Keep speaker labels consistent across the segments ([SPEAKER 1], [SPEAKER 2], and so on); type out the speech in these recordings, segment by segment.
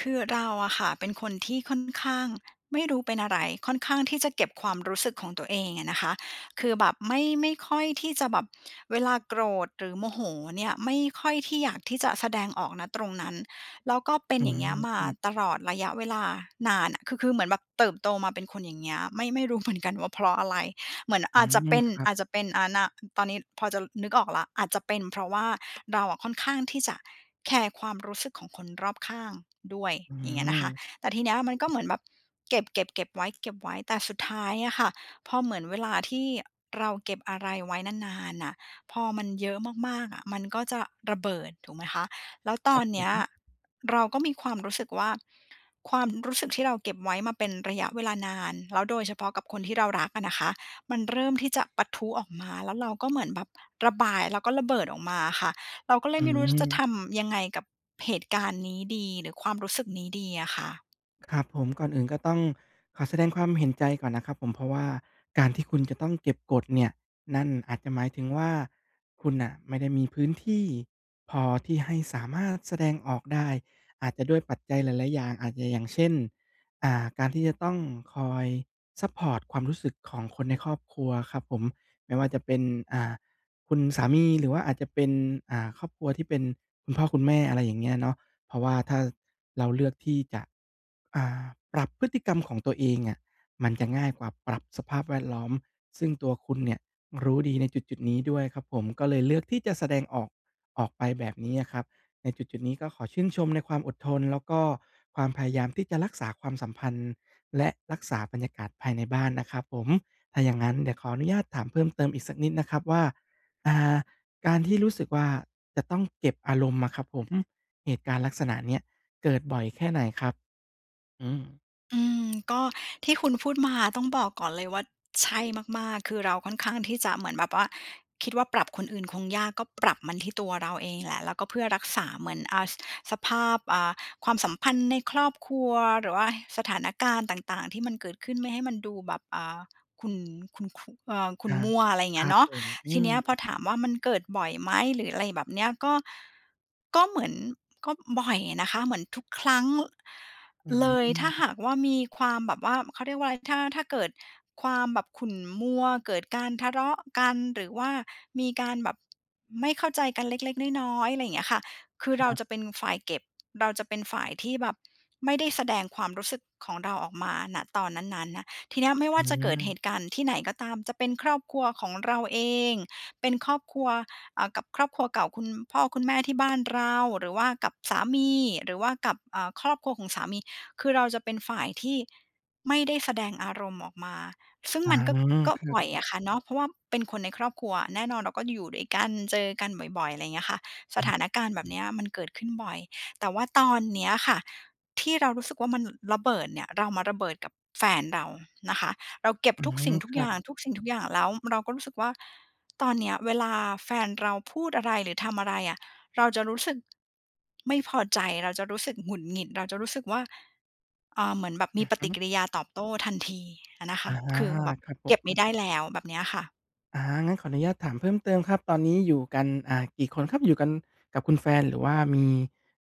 [SPEAKER 1] คือเราอะค่ะ เป็นคนที่ค่อนข้าง ไม่รู้เป็นอะไร ค่อนข้างที่จะเก็บความรู้สึกของตัวเองอะนะคะ คือแบบไม่ ไม่ค่อยที่จะแบบ เวลาโกรธหรือโมโหเนี่ย ไม่ค่อยที่อยากที่จะแสดงออก ณ ตรงนั้น แล้วก็เป็
[SPEAKER 2] อ
[SPEAKER 1] น
[SPEAKER 2] ื
[SPEAKER 1] อย่างเง
[SPEAKER 2] ม
[SPEAKER 1] ี้ยม
[SPEAKER 2] ค
[SPEAKER 1] า
[SPEAKER 2] รั
[SPEAKER 1] ต
[SPEAKER 2] บ
[SPEAKER 1] ลอดระยะเวลานานน่ะ คือ คือเหมือนแบบเติบโตมาเป็นคนอย่างเงี้ย ไม่ ไม่รู้ เหมือน กันว่าเพราะอะไร เหมือน
[SPEAKER 2] อื
[SPEAKER 1] อาจจะ
[SPEAKER 2] ม
[SPEAKER 1] เป็น
[SPEAKER 2] ครับ
[SPEAKER 1] อาจจะเป็น อ่า ณ ตอนนี้พอจะนึกออกแล้ว อาจจะเป็นเพราะว่า เราอะค่อนข้างที่จะแคร์ความรู้สึกของคนรอบข้างด้วย
[SPEAKER 2] อื
[SPEAKER 1] อย่างเงี้ย
[SPEAKER 2] อ
[SPEAKER 1] นะคะ
[SPEAKER 2] ค
[SPEAKER 1] แต่ทีเนี้ยอะมั
[SPEAKER 2] รั
[SPEAKER 1] น
[SPEAKER 2] บ
[SPEAKER 1] ก็
[SPEAKER 2] ผม
[SPEAKER 1] เหมือนแบบเก็บ เก็บ เก็บไว้ เก็บไว้ แต่สุดท้ายอะค่ะ พอเหมือนเวลาที่เราเก็บอะไรไว้นาน ๆ อะ พอมันเยอะมาก ๆ อะ มันก็จะระเบิด ถูกไหมคะ แล้วต
[SPEAKER 2] ค
[SPEAKER 1] อ
[SPEAKER 2] รั
[SPEAKER 1] น
[SPEAKER 2] บผ
[SPEAKER 1] เนี้ย
[SPEAKER 2] ม
[SPEAKER 1] เราก็มีความรู้สึกว่า ความรู้สึกที่เราเก็บไว้มาเป็นระยะเวลานาน แล้วโดยเฉพาะกับคนที่เรารักอะนะคะ มันเริ่มที่จะปะทุออกมา แล้วเราก็เหมือนแบบระบาย แล้วก็ระเบิดออกมาอะค่ะ เราก็เลย
[SPEAKER 2] อื
[SPEAKER 1] ไม่รู้จะท
[SPEAKER 2] อ
[SPEAKER 1] ำยังไงกับเหตุการณ์นี้ดี หรือความรู้สึกนี้ดีอะค่ะ
[SPEAKER 2] ครับผม ก่อนอื่นก็ต้องขอแสดงความเห็นใจก่อนนะครับผม เพราะว่าการที่คุณจะต้องเก็บกดเนี่ย นั่นอาจจะหมายถึงว่า คุณน่ะไม่ได้มีพื้นที่พอ ที่ให้สามารถแสดงออกได้ อาจจะด้วยปัจจัยหลาย ๆ อย่าง อาจจะอย่างเช่น อ่า การที่จะต้องคอยซัปพอร์ตความรู้สึกของคนในครอบครัวครับผม ไม่ว่าจะเป็น อ่า คุณสามี หรือว่าอาจจะเป็น อ่า ครอบครัวที่เป็นคุณพ่อคุณแม่ อะไรอย่างเงี้ยเนาะ เพราะว่าถ้า ส เราเลือกที่จะ อ่า ปรับพฤติกรรมของตัวเองเนี่ย มันจะง่ายกว่าปรับสภาพแวดล้อม ซึ่งตัวคุณเนี่ย รู้ดีในจุด ๆ นี้ด้วยครับผม ก็เลยเลือกที่จะแสดงออกออกไปแบบนี้อะครับ ในจุด ๆ นี้ก็ขอชื่นชมในความอดทน แล้วก็ความพยายามที่จะรักษาความสัมพันธ์ และรักษาบรรยากาศภายในบ้านนะครับผม ถ้าอย่างงั้นเดี๋ยวขออนุญาตถามเพิ่มเติมอีกสักนิดนะครับว่า อ่า การที่รู้สึกว่าจะต้องเก็บอารมณ์อะครับผม เหตุการณ์ลักษณะเนี้ยเกิดบ่อยแค่ไหนครับ? อืม
[SPEAKER 1] อืม ก็ที่คุณพูดมา ต้องบอกก่อนเลยว่า ใช่มาก ๆ คือเราค่อนข้างที่จะเหมือนแบบว่า คิดว่าปรับคนอื่นคงยาก ก็ปรับมันที่ตัวเราเองแหละ แล้วก็เพื่อรักษา เหมือน อ่า ส สภาพ อ่า ความสัมพันธ์ในครอบครัว หรือว่าสถานการณ์ต่าง ๆ ที่มันเกิดขึ้น ไม่ให้มันดูแบบ อ่า ขุ่น ขุ่น คุ เอ่อ ขุ
[SPEAKER 2] อ
[SPEAKER 1] ่น
[SPEAKER 2] า
[SPEAKER 1] มัว! อะไรอย่างเ
[SPEAKER 2] ค
[SPEAKER 1] งี้
[SPEAKER 2] รั
[SPEAKER 1] ย
[SPEAKER 2] บ
[SPEAKER 1] เนาะ
[SPEAKER 2] ผม อื
[SPEAKER 1] ทีน
[SPEAKER 2] ม
[SPEAKER 1] ี้อะพอถามว่า มันเกิดบ่อยไหม หรืออะไรแบบนี้อะ ก็ ก็เหมือน ก็บ่อยนะคะ เหมือนทุกครั้ง ล
[SPEAKER 2] อื้อฮ
[SPEAKER 1] เล
[SPEAKER 2] ื
[SPEAKER 1] ย ถ้า
[SPEAKER 2] อ
[SPEAKER 1] หากว่า มีความแบบว่า เขาเรียกว่าอะไร ถ้า ถ้าเกิดความแบบขุ่นมัว เกิดการทะเลาะกัน หรือว่ามีการแบบไม่เข้าใจกันเล็ก ๆ น้อย ๆ อะไรอย่างเงี้ยค่ะ คื
[SPEAKER 2] ค
[SPEAKER 1] อเร
[SPEAKER 2] ร
[SPEAKER 1] า
[SPEAKER 2] ับ
[SPEAKER 1] จะเป็นฝ่ายเก็บ เราจะเป็นฝ่ายที่แบบไม่ได้แสดงความรู้สึกของเราออกมา ณ ตอนนั้น ๆ น่ะ ทีนี้อะไม่
[SPEAKER 2] อื
[SPEAKER 1] ว่าจะเกิดเห
[SPEAKER 2] ม
[SPEAKER 1] ตุการณ์ที่ไหนก็ตาม จะเป็นครอบครัวของเราเอง เป็นครอบครัว อ่า กับครอบครัวเก่า คุณพ่อคุณแม่ที่บ้านเรา หรือว่ากับสามี หรือว่ากับ อ่า ครอบครัวของสามี คือเราจะเป็นฝ่ายที่ไม่ได้แสดงอารมณ์ออกมา ซึ่ง
[SPEAKER 2] อา
[SPEAKER 1] มันก็ ก็
[SPEAKER 2] ครั
[SPEAKER 1] บ่
[SPEAKER 2] บ
[SPEAKER 1] อยอะค่ะ เนาะ เพราะว่าเป็นคนในครอบครัว แน่นอนเราก็อยู่ด้วยกัน เจอกันบ่อย ๆ อะไรเงี้ยค่ะ ส
[SPEAKER 2] อ
[SPEAKER 1] ถ
[SPEAKER 2] ืม
[SPEAKER 1] านการณ์แบบนี้อะมันเกิดขึ้นบ่อย แต่ว่าตอนเนี้ยค่ะ ที่เรารู้สึกว่า มันระเบิดเนี่ย เรามาระเบิดกับแฟนเรานะคะ เราเก็บ
[SPEAKER 2] อื
[SPEAKER 1] ทุกสิ
[SPEAKER 2] ม
[SPEAKER 1] ่งทุ
[SPEAKER 2] ค
[SPEAKER 1] ก
[SPEAKER 2] ร
[SPEAKER 1] อย
[SPEAKER 2] ั
[SPEAKER 1] ่า
[SPEAKER 2] บ
[SPEAKER 1] ง ทุกสิ่งทุกอย่าง แล้วเราก็รู้สึกว่า ตอนเนี้ยเวลาแฟนเราพูดอะไร หรือทำอะไรอะ เราจะรู้สึกไม่พอใจ เราจะรู้สึกหงุดหงิด เราจะรู้สึกว่า เอ่อ เหมือนแบบ
[SPEAKER 2] อ
[SPEAKER 1] ม
[SPEAKER 2] ื
[SPEAKER 1] ี
[SPEAKER 2] อ
[SPEAKER 1] ป
[SPEAKER 2] ฮ
[SPEAKER 1] ฏิ
[SPEAKER 2] ึ
[SPEAKER 1] กิริยาตอบโต้ทันทีอะนะค
[SPEAKER 2] อา
[SPEAKER 1] ะ คือแบบ
[SPEAKER 2] ครับผ
[SPEAKER 1] เก็บไม่
[SPEAKER 2] ม
[SPEAKER 1] ได้แล้ว แบบเนี้ยค่ะ
[SPEAKER 2] อา งั้นขออนุญาตถามเพิ่มเติมครับ ตอนนี้อยู่กัน อ่า กี่คนครับ? อยู่กันกับคุณแฟน หรือว่ามี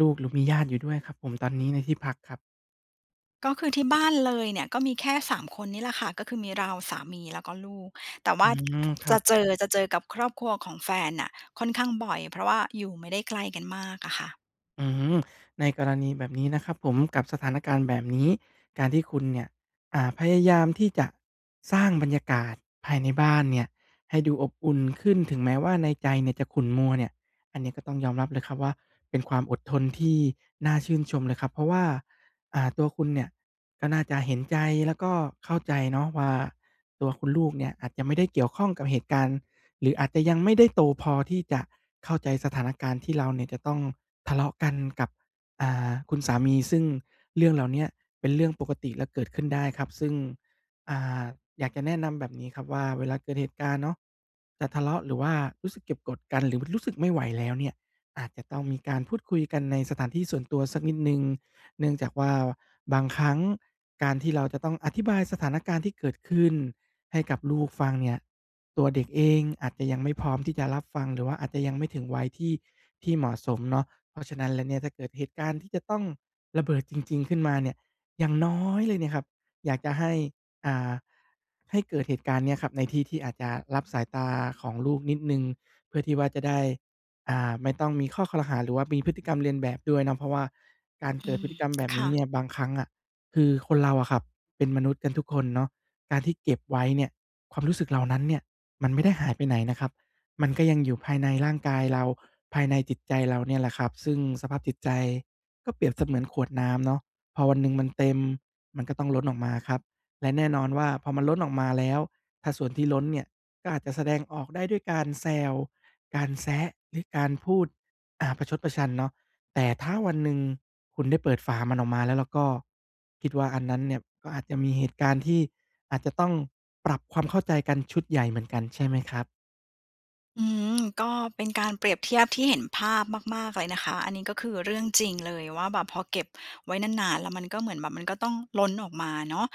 [SPEAKER 2] ลูก หรือมีญาติอยู่ด้วยครับผม? ตอนนี้ในที่พักครับ
[SPEAKER 1] ก็คือที่บ้านเลยเนี่ย ก็มีแค่ 3 คนนี่แหละค่ะ ก็คือมีเรา สามี แล้วก็ลูก แต่ว
[SPEAKER 2] อื
[SPEAKER 1] ่า
[SPEAKER 2] ม คร
[SPEAKER 1] จ
[SPEAKER 2] ั
[SPEAKER 1] ะ
[SPEAKER 2] บ
[SPEAKER 1] เจอ จะเจอกับครอบครัวของแฟนน่ะ ค่อนข้างบ่อย เพราะว่าอยู่ไม่ได้ไกลกันมากอะค่ะ
[SPEAKER 2] อืม ในกรณีแบบนี้นะครับผม กับสถานการณ์แบบนี้ การที่คุณเนี่ย อ่า พยายามที่จะสร้างบรรยากาศภายในบ้านเนี่ยให้ดูอบอุ่นขึ้น ถึงแม้ว่าในใจเนี่ยจะขุ่นมัวเนี่ย อันนี้ก็ต้องยอมรับเลยครับว่า เป็นความอดทนที่น่าชื่นชมเลยครับ เพราะว่า อา ตัวคุณเนี่ย ก็น่าจะเห็นใจ แล้วก็เข้าใจเนาะว่า ตัวคุณลูกเนี่ยอาจจะไม่ได้เกี่ยวข้องกับเหตุการณ์ หรืออาจจะยังไม่ได้โตพอที่จะเข้าใจสถานการณ์ ที่เราเนี่ยจะต้องทะเลาะกันกับ อ่า คุณสามี ซึ่งเรื่องเหล่าเนี้ย เป็นเรื่องปกติแล้วเกิดขึ้นได้ครับ ซึ่ง อ่า อยากจะแนะนำแบบนี้ครับว่า เวลาเกิดเหตุการณ์เนาะ จะทะเลาะ หรือว่ารู้สึกเก็บกดกัน หรือ ว รู้สึกไม่ไหวแล้วเนี่ย อาจจะต้องมีการพูดคุยกันในสถานที่ส่วนตัวสักนิดหนึ่ง เนื่องจากว่า บางครั้งการที่เราจะต้องอธิบายสถานการณ์ที่เกิดขึ้นให้กับลูกฟังเนี่ย ตัวเด็กเองอาจจะยังไม่พร้อมที่จะรับฟังหรือว่าอาจจะยังไม่ถึงวัยที่ ที่เหมาะสมเนาะ เพราะฉะนั้นแล้วเนี่ย ถ้าเกิดเหตุการณ์ที่จะต้องระเบิดจริง ๆ ขึ้นมาเนี่ย อย่างน้อยเลยเนี่ยครับ อยากจะให้ อ่า ให้เกิดเหตุการณ์นี้อะครับ ในที่ที่อาจจะลับสายตาของลูกนิดหนึ่ง เพื่อที่ว่าจะได้ อ่า ไม่ต้องมีข้อครหา หรือว่ามีพฤติกรรมเลียนแบบด้วยเนาะ เพราะว่าการเ
[SPEAKER 1] อ
[SPEAKER 2] กิ
[SPEAKER 1] ื
[SPEAKER 2] ดพฤ
[SPEAKER 1] ม
[SPEAKER 2] ติกรรมแบบ
[SPEAKER 1] ค
[SPEAKER 2] นี
[SPEAKER 1] ่
[SPEAKER 2] ้เนี
[SPEAKER 1] ะ
[SPEAKER 2] ่ย บางครั้งอะ คือคนเราอะครับเป็นมนุษย์กันทุกคนเนาะ การที่เก็บไว้เนี่ย ความรู้สึกเหล่านั้นเนี่ย มันไม่ได้หายไปไหนนะครับ มันก็ยังอยู่ภายใน ร่างกายเรา ภายในจิตใจเราเนี่ยแหละครับ ซึ่งสภาพจิตใจ ก็เปรียบเสมือนขวดน้ำเนาะ พอวันหนึ่งมันเต็ม มันก็ต้องล้นออกมาครับ และแน่นอนว่า พอมันล้นออกมาแล้ว ถ้าส่วนที่ล้นเนี่ยก็อาจจะแสดงออกได้ด้วยการแซว การแซะ หรือการพูด อ่า ประชดประชันเนาะ แต่ถ้าวันหนึ่งคุณได้เปิดฝามันออกมาแล้วล่ะก็ คิดว่าอันนั้นเนี่ยก็อาจจะมีเหตุการณ์ที่อาจจะต้องปรับความเข้าใจกันชุดใหญ่เหมือนกัน ใช่ไหมครับ?
[SPEAKER 1] อื้อฮือ ก็เป็นการเปรียบเทียบที่เห็นภาพมาก ๆ เลยนะคะ อันนี้ก็คือเรื่องจริงเลยว่าแบบ พอเก็บไว้นาน ๆ แล้วมันก็เหมือนแบบ มันก็ต้องล้นออกมาเนาะ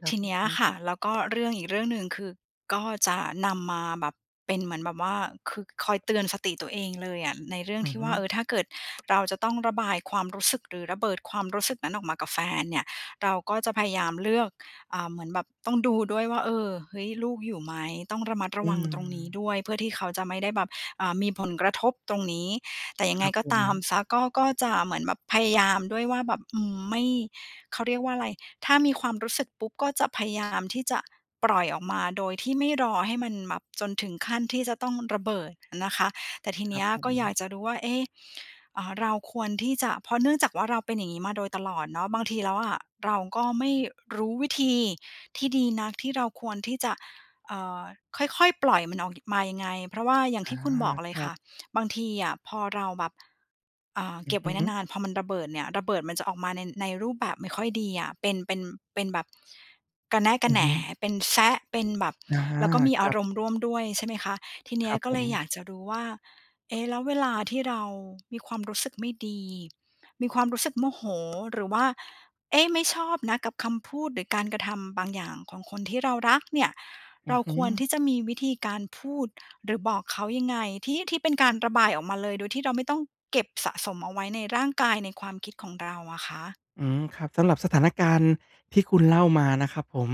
[SPEAKER 2] คร
[SPEAKER 1] ท
[SPEAKER 2] ับ
[SPEAKER 1] ี
[SPEAKER 2] อ
[SPEAKER 1] เน
[SPEAKER 2] ื
[SPEAKER 1] ี
[SPEAKER 2] อ
[SPEAKER 1] ้ย
[SPEAKER 2] ฮ
[SPEAKER 1] อ
[SPEAKER 2] ึ
[SPEAKER 1] ะค่ะ แล้วก็เรื่องอีกเรื่องหนึ่งคือ ก็จะนำมาแบบ เป็นเหมือนแบบว่า คือคอยเตือนสติตัวเองเลยอะ ในเรื่อง
[SPEAKER 2] อื
[SPEAKER 1] ท
[SPEAKER 2] อ
[SPEAKER 1] ี่
[SPEAKER 2] ฮ
[SPEAKER 1] ว
[SPEAKER 2] ึ
[SPEAKER 1] ่า เออ ถ้าเกิดเราจะต้องระบายความรู้สึก หรือระเบิดความรู้สึกนั้นออกมากับแฟนเนี่ย เราก็จะพยายามเลือก อ่า เหมือนแบบต้องดูด้วยว่า เออ เฮ้ย ลูกอยู่ไหม ต้องระมัดร
[SPEAKER 2] อ
[SPEAKER 1] ะ
[SPEAKER 2] ื
[SPEAKER 1] วังตรงนี้
[SPEAKER 2] ม
[SPEAKER 1] ด้วย เพื่อที่เขาจะไม่ได้แบบ อ่า มีผลกระทบตรงนี้ แต่ย
[SPEAKER 2] ค
[SPEAKER 1] ังไ
[SPEAKER 2] ร
[SPEAKER 1] ง
[SPEAKER 2] ับ
[SPEAKER 1] ก็
[SPEAKER 2] ผ
[SPEAKER 1] ตาม
[SPEAKER 2] ม
[SPEAKER 1] เสีย ก็ ก็จะเหมือนแบบพยายามด้วยว่าแบบ อืม ไม่ เขาเรียกว่าอะไร ถ้ามีความรู้สึกปุ๊บ ก็จะพยายามที่จะปล่อยออกมา โดยที่ไม่รอให้มันแบบจนถึงขั้นที่จะต้องระเบิดนะคะ แต่ที
[SPEAKER 2] ค
[SPEAKER 1] เน
[SPEAKER 2] รั
[SPEAKER 1] ี
[SPEAKER 2] บ
[SPEAKER 1] ้ย
[SPEAKER 2] ผ
[SPEAKER 1] ก็อยา
[SPEAKER 2] ม
[SPEAKER 1] กจะรู้ว่า เอ๊ะ เอ่อ เราควรที่จะ เพราะเนื่องจากว่า เราเป็นอย่างงี้มาโดยตลอดเนาะ บางทีแล้วอะเราก็ไม่รู้วิธีที่ดีนัก ที่เราควรที่จะ เอ่อ ค่อย ๆ ปล่อยมันออก ย มายังไง เพราะว่าอย่าง
[SPEAKER 2] อ
[SPEAKER 1] ท
[SPEAKER 2] า
[SPEAKER 1] ี่คุณบอกเล
[SPEAKER 2] ค
[SPEAKER 1] ย
[SPEAKER 2] ร
[SPEAKER 1] ค
[SPEAKER 2] ั
[SPEAKER 1] ่
[SPEAKER 2] บ
[SPEAKER 1] ะ บางทีอะพอเราแบบ อ่า
[SPEAKER 2] อื
[SPEAKER 1] เก
[SPEAKER 2] อ
[SPEAKER 1] ็บไว้
[SPEAKER 2] ฮึ
[SPEAKER 1] นาน ๆ พอมันระเบิดเนี่ย ระเบิดมันจะออกมาใน ในรูปแบบไม่ค่อยดีอะ เป็น เป็น เป็นแบบ กระแนะก
[SPEAKER 2] อ
[SPEAKER 1] ระ
[SPEAKER 2] ื
[SPEAKER 1] แ
[SPEAKER 2] อ
[SPEAKER 1] หน
[SPEAKER 2] ฮึ
[SPEAKER 1] เป็นแซะ เป็นแบบ
[SPEAKER 2] อา
[SPEAKER 1] แล้วก็มี
[SPEAKER 2] ค
[SPEAKER 1] อ
[SPEAKER 2] ร
[SPEAKER 1] า
[SPEAKER 2] ับ
[SPEAKER 1] รมณ์ร่วมด้วย ใช่ไหมคะ ทีเน
[SPEAKER 2] ค
[SPEAKER 1] ี้
[SPEAKER 2] ร
[SPEAKER 1] ย
[SPEAKER 2] ับ
[SPEAKER 1] ก็
[SPEAKER 2] ผ
[SPEAKER 1] เลยอย
[SPEAKER 2] ม
[SPEAKER 1] ากจะรู้ว่า เอ๊ะ แล้วเวลาที่เรามีความรู้สึกไม่ดี มีความรู้สึกโมโห หรือว่า เอ๊ะ ไม่ชอบนะกับคำพูด หรือการกระทำบางอย่างของคนที่เรารักเนี่ย
[SPEAKER 2] อ
[SPEAKER 1] เ
[SPEAKER 2] ื
[SPEAKER 1] รา
[SPEAKER 2] อฮึ
[SPEAKER 1] ควรที่จะมีวิธีการพูด หรือบอกเขายังไง ที่ ที่เป็นการระบายออกมาเลย โดยที่เราไม่ต้องเก็บสะสมเอาไว้ในร่างกาย ในความคิดของเราอะคะ?
[SPEAKER 2] อืม ครับ สำหรับสถานการณ์ที่คุณเล่ามานะครับผม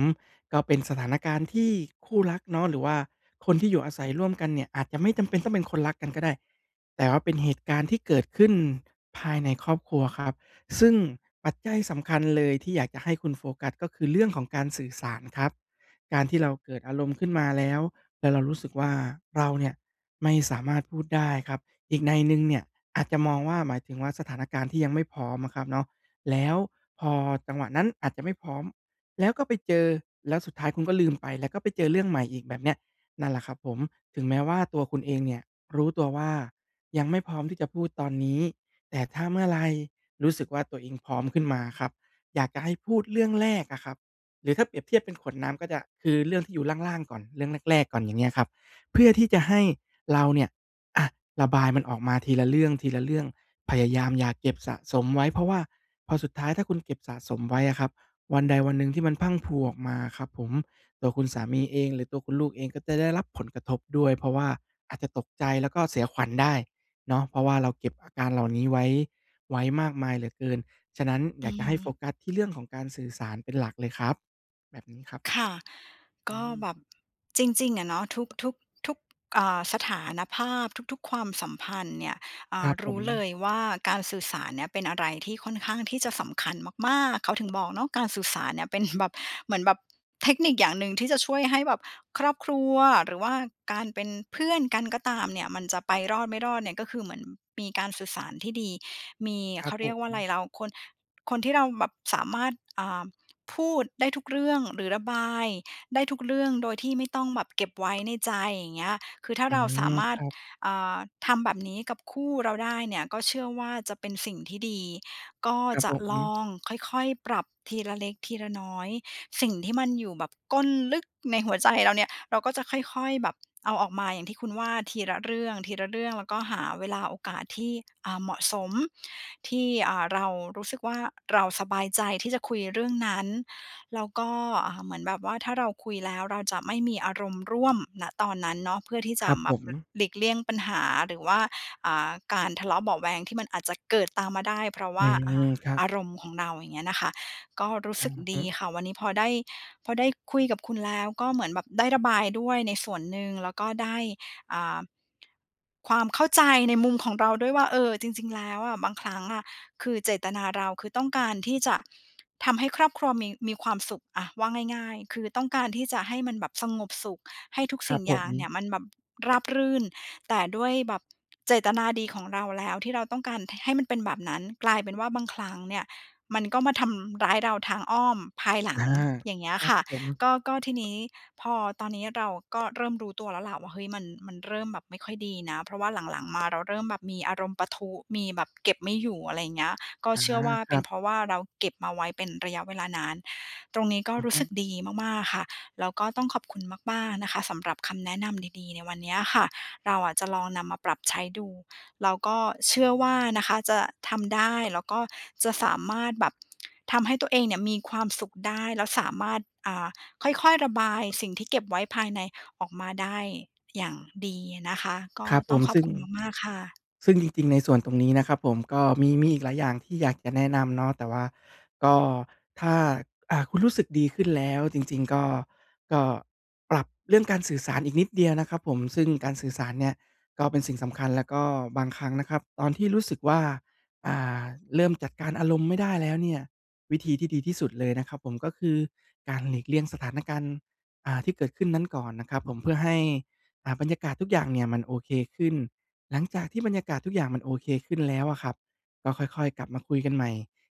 [SPEAKER 2] ก็เป็นสถานการณ์ที่คู่รักเนาะ หรือว่าคนที่อยู่อาศัยร่วมกันเนี่ย อาจจะไม่จำเป็นต้องเป็นคนรักกันก็ได้ แต่ว่าเป็นเหตุการณ์ที่เกิดขึ้นภายในครอบครัวครับ ซึ่งปัจจัยสำคัญเลยที่อยากจะให้คุณโฟกัส ก็คือเรื่องของการสื่อสารครับ การที่เราเกิดอารมณ์ขึ้นมาแล้ว แล้วเรารู้สึกว่า เราเนี่ยไม่สามารถพูดได้ครับ อีกนัยหนึ่งเนี่ยอาจจะมองว่า หมายถึงว่าสถานการณ์ที่ยังไม่พร้อมอะครับเนาะ แล้วพอจังหวะนั้นอาจจะไม่พร้อม แล้วก็ไปเจอ แล้วสุดท้ายคุณก็ลืมไป แล้วก็ไปเจอเรื่องใหม่อีกแบบเนี้ย นั่นแหละครับผม ถึงแม้ว่าตัวคุณเองเนี่ยรู้ตัวว่า ยังไม่พร้อมที่จะพูดตอนนี้ แต่ถ้าเมื่อไรรู้สึกว่า ตัวเองพร้อมขึ้นมาอะครับ อยากจะให้พูดเรื่องแรกอะครับ หรือถ้าเปรียบเทียบเป็นขวดน้ำก็จะ คือเรื่องที่อยู่ล่าง ๆ ก่อน เรื่องแรก ๆ ก่อน อย่างเงี้ยครับ เพื่อที่จะให้เราเนี่ย อะ ระบายมันออกมาทีละเรื่อง ๆ พยายามอย่าเก็บสะสมไว้ เพราะว่าพอสุดท้าย ถ้าคุณเก็บสะสมไว้อะครับ วันใดวันหนึ่งที่มันพรั่งพรูออกมาอะครับผม ตัวคุณสามีเองหรือตัวคุณลูกเอง ก็จะได้รับผลกระทบด้วย เพราะว่าอาจจะตกใจ แล้วก็เสียขวัญได้ เนาะ เพราะว่าเราเก็บอาการเหล่านี้ไว้ ไว้มากมายเหลือเกิน ฉะนั้นอ
[SPEAKER 1] อ
[SPEAKER 2] ย
[SPEAKER 1] ื
[SPEAKER 2] ากจะให้โฟ
[SPEAKER 1] ม
[SPEAKER 2] กัสที่เรื่องของการสื่อสารเป็นหลักเลยครับ แบบนี้ครับ
[SPEAKER 1] ค่ะ
[SPEAKER 2] อ
[SPEAKER 1] ก
[SPEAKER 2] ื
[SPEAKER 1] ็
[SPEAKER 2] ม
[SPEAKER 1] แบบ จริง ๆ อะเนาะ ทุก ทุก ทุก อ่า สถานภาพ ทุก ๆ ความสัมพันธ์เนี่ย อ่
[SPEAKER 2] คร
[SPEAKER 1] า
[SPEAKER 2] ับ
[SPEAKER 1] ร
[SPEAKER 2] ผ
[SPEAKER 1] ู้เล
[SPEAKER 2] ม
[SPEAKER 1] ยว่า การสื่อสารเนี้ย เป็นอะไรที่ค่อนข้างที่จะสำคัญมาก ๆ เขาถึงบอกเนาะ การสื่อสารเนี่ยเป็น แบบ เหมือนแบบเทคนิคอย่างหนึ่ง ที่จะช่วยให้แบบครอบครัว หรือว่าการเป็นเพื่อนกันก็ตามเนี่ย มันจะไปรอดไม่รอดเนี่ย ก็คือเหมือนมีการสื่อสารที่ดี มี
[SPEAKER 2] คร
[SPEAKER 1] เ
[SPEAKER 2] ั
[SPEAKER 1] ข
[SPEAKER 2] บ
[SPEAKER 1] า
[SPEAKER 2] ผ
[SPEAKER 1] เรียกว่าอะ
[SPEAKER 2] ม
[SPEAKER 1] ไร เราคน คนที่เราแบบสามารถ อ่า พูดได้ทุกเรื่อง หรือระบายได้ทุกเรื่อง โดยที่ไม่ต้องแบบเก็บไว้ ในใจ อย่างเงี้ย คือถ้
[SPEAKER 2] อ
[SPEAKER 1] า
[SPEAKER 2] ื
[SPEAKER 1] เราส
[SPEAKER 2] ม
[SPEAKER 1] ามา
[SPEAKER 2] ค
[SPEAKER 1] รถ
[SPEAKER 2] รับ
[SPEAKER 1] อ่า ทำแบบนี้กับคู่เราได้เนี่ย ก็เชื่อว่าจะเป็นสิ่งที่ดี ก็
[SPEAKER 2] ครับ
[SPEAKER 1] จ
[SPEAKER 2] ผ
[SPEAKER 1] ะล
[SPEAKER 2] ม
[SPEAKER 1] องค่อย ๆ ปรับทีละเล็กทีละน้อย สิ่งที่มันอยู่แบบก้นลึกในหัวใจเราเนี่ย เราก็จะค่อย ๆ แบบเอาออกมา อย่างที่คุณว่า ทีละเรื่อง ๆ แล้วก็หาเวลาโอกาสที่ อ่า เหมาะสม ที่ อ่า เรารู้สึกว่า เราสบายใจที่จะคุยเรื่องนั้น แล้วก็ อ่า เหมือนแบบว่า ถ้าเราคุยแล้วเราจะไม่มีอารมณ์ร่วม ณ ตอนนั้นเนาะ เพื่อที่จ
[SPEAKER 2] ค
[SPEAKER 1] ะ
[SPEAKER 2] รับ
[SPEAKER 1] ม
[SPEAKER 2] ผ
[SPEAKER 1] า
[SPEAKER 2] ม
[SPEAKER 1] ล หลีกเลี่ยงปัญหา หรือว่า อ่า การทะเลาะเบาะแว้งที่มันอาจจะเกิดตามมาได้ เพราะว
[SPEAKER 2] อื
[SPEAKER 1] ่า อ่
[SPEAKER 2] ม
[SPEAKER 1] า
[SPEAKER 2] ครับ
[SPEAKER 1] อารมณ์ของเรา อย่างเงี้ยนะคะ ก็รู้
[SPEAKER 2] อื
[SPEAKER 1] สึ
[SPEAKER 2] อ
[SPEAKER 1] กด
[SPEAKER 2] ฮึ
[SPEAKER 1] ีค่ะ วันนี้พอได้ พอได้คุยกับคุณแล้ว ก็เหมือนแบบได้ระบายด้วยในส่วนหนึ่ง แล้วก็ได้ อ่า ความเข้าใจในมุมของเราด้วยว่า เออ จริง ๆ แล้วอะ บางครั้งอะ คือเจตนาเรา คือต้องการที่จะทำให้ครอบครัวมี มีความสุข อะ ว่าง่าย ๆ คือต้องการที่จะให้มันแบบสงบสุข ให้ทุก
[SPEAKER 2] คร
[SPEAKER 1] ส
[SPEAKER 2] ั
[SPEAKER 1] ิ่
[SPEAKER 2] บ
[SPEAKER 1] ง
[SPEAKER 2] ผ
[SPEAKER 1] อย่างเนี่
[SPEAKER 2] ม
[SPEAKER 1] ยมันแบบราบรื่น แต่ด้วยแบบเจตนาดีของเราแล้ว ที่เราต้องการ ห ให้มันเป็นแบบนั้น กลายเป็นว่าบางครั้งเนี่ย มันก็มาทำร้ายเราทางอ้อมภายหลั
[SPEAKER 2] อา
[SPEAKER 1] ง อย่างเงี้
[SPEAKER 2] ค
[SPEAKER 1] ย
[SPEAKER 2] รั
[SPEAKER 1] ค
[SPEAKER 2] บ
[SPEAKER 1] ่ะ
[SPEAKER 2] ผม
[SPEAKER 1] ก็ ก็ทีนี้ พอตอนนี้เราก็เริ่มรู้ตัวแล้วล่ะว่า เฮ้ย มัน มันเริ่มแบบไม่ค่อยดีนะ เพราะว่าหลัง ๆ มาเราเริ่มแบบมีอารมณ์ปะทุ มีแบบเก็บไม่อยู่ อะไรอย่างเงี้ย ก็
[SPEAKER 2] อา
[SPEAKER 1] เชื่อว่า
[SPEAKER 2] ค
[SPEAKER 1] เป
[SPEAKER 2] รั
[SPEAKER 1] ็นเ
[SPEAKER 2] บ
[SPEAKER 1] พราะว่า เราเก็บมาไว้เป็นระยะเวลานาน ตรงนี้ก็
[SPEAKER 2] อือ
[SPEAKER 1] รู
[SPEAKER 2] ฮ
[SPEAKER 1] ้
[SPEAKER 2] ึ
[SPEAKER 1] สึกดีมาก ๆ ค่ะ แล้วก็ต้องขอบคุณมาก ๆ นะคะ สำหรับคำแนะนำดี ๆ ในวันเนี้ยค่ะ เราอะจะลองนำมาปรับใช้ดู แล้วก็เชื่อว่านะคะจะทำได้ แล้วก็จะสามารถแบบทำให้ตัวเองเนี่ยมีความสุขได้ แล้วสามารถ อ่า ค่อย ๆ ระบายสิ่งที่เก็บไว้ภายในออกมาได้อย่างดีนะคะ ก็
[SPEAKER 2] ครับผ
[SPEAKER 1] ต้อ
[SPEAKER 2] ม
[SPEAKER 1] งขอ
[SPEAKER 2] ซ
[SPEAKER 1] บ
[SPEAKER 2] ึ่ง
[SPEAKER 1] คุณมาก ๆ ค่ะ
[SPEAKER 2] ซึ่งจริง ๆ ในส่วนตรงนี้นะครับผม ก็มี มีอีกหลายอย่างที่อยากจะแนะนำเนาะ แต่ว่า ก็ ถ้า อา คุณรู้สึกดีขึ้นแล้ว จริง ๆ ก็ ก็ปรับเรื่องการสื่อสารอีกนิดเดียวนะครับผม ซึ่งการสื่อสารเนี่ย ก็เป็นสิ่งสำคัญ แล้วก็บางครั้งนะครับ ตอนที่รู้สึกว่า อ่า เริ่มจัดการอารมณ์ไม่ได้แล้วเนี่ย วิธีที่ดีที่สุดเลยนะครับผม ก็คือการหลีกเลี่ยงสถานการณ์ อ่า ที่เกิดขึ้นนั้นก่อนนะครับผม เพื่อให้ อ่า บรรยากาศทุกอย่างเนี่ยมันโอเคขึ้น หลังจากที่บรรยากาศทุกอย่างมันโอเคขึ้นแล้วอะครับ ก็ค่อย ๆ กลับมาคุยกันใหม่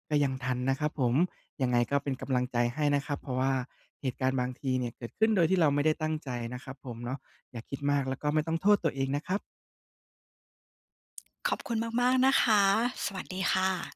[SPEAKER 2] ก็ยังทันนะครับผม ยังไงก็เป็นกำลังใจให้นะครับ เพราะว่าเหตุการณ์บางทีเนี่ย เกิดขึ้นโดยที่เราไม่ได้ตั้งใจนะครับผมเนาะ อย่าคิดมาก แล้วก็ไม่ต้องโทษตัวเองนะครับ
[SPEAKER 1] ขอบคุณมาก ๆ นะคะ สวัสดีค่ะ